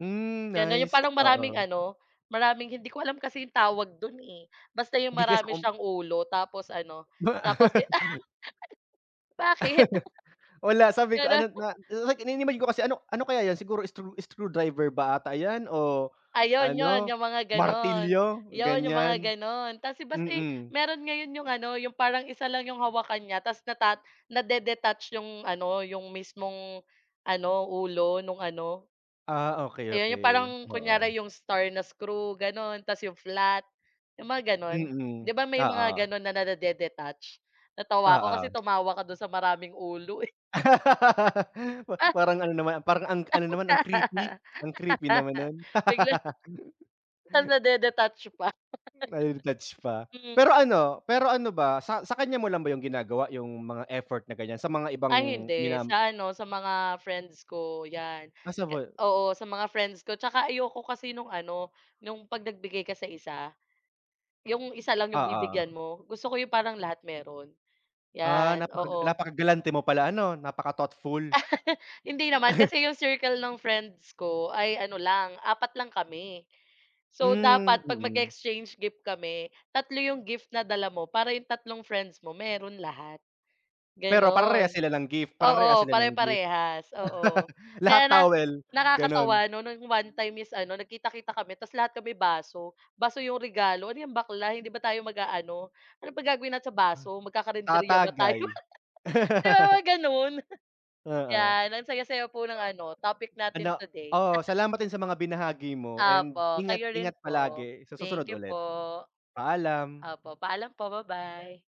Hmm, 'Yan na yung nice. palang maraming Oo. ano, maraming hindi ko alam kasi yung tawag dun, eh, basta yung 'Di kasi marami com siyang ulo tapos ano, Wa tapos Bakit? Wala sabi ko Gana ano, na like ini-imagine ko kasi ano ano kaya 'yan, siguro screw screwdriver ba ata 'yan o Ayun yun, ano, yung mga gano'n. martilyo, Yun yung mga ganiyan. gano'n tapos basta, eh, Mm. meron ngayon yung ano, yung parang 1 lang yung hawakan nya tapos nata nade-detach yung ano, yung mismong ano, ulo nung ano. Ah, Ayun yun, yung parang okey-okey, o om. kunyari yung star na screw, gano'n. Tapos yung flat, yung mga gano'n. Mm, 'Di ba may mga oo. gano'n na nade-detach, natawa ako kasi Oo. tumawa ka do'n sa maraming ulo, eh. Pa parang ano naman parang ang ano naman, ang creepy. Ang creepy naman nun. Biglang nade-detach pa. Nade-detach pa. Hmm. Pero ano pero ano ba sa sa kanya mo lang ba yun ginagawa, yung mga effort na ganiyan, sa mga Ay, ibang hindi. ginam Sa ano, sa mga friends ko 'yan. Possible. Oo, sa mga friends ko. Tsaka ayoko kasi nung ano, yung 'pag nagbigay ka sa isa, yung isa lang yung Oo. bibigyan mo. Gusto ko yung parang lahat meron, Ah, 'yan, napaka oo. napakagalante mo pala ano, napaka-thoughtful. Hindi naman kasi yung circle ng friends ko ay ano lang, 4 lang kami. So, Hmm. dapat 'pag Mm. mag-e-exchange gift kami 3 yung gift na dala mo para yung tatlong friends mo meron lahat, Pero parehas gano'n. sila ng gift? Parehas Oo, sila ng gift? pare-parehas, oo. Lahat Kaya na towel, ganun? nakakatawa 'no, nung one time is ano, nagkita-kita kami tapos lahat kami baso, baso yung regalo, ano 'yan bakla, hindi ba tayo mag-aano? Ano bang gagawin natin sa baso, magkakarenderya ba tayo? Tatagay. Yung mga gano'n? Oo. 'Yan ang saya-saya po ng ano, topic natin Ano today. oo, salamat din sa mga binahagi mo and Opo, ingat kayo ingat rin po. palagi. Sa susunod Thank you ulit. po. Paalam. Opo. Paalam po. Babay.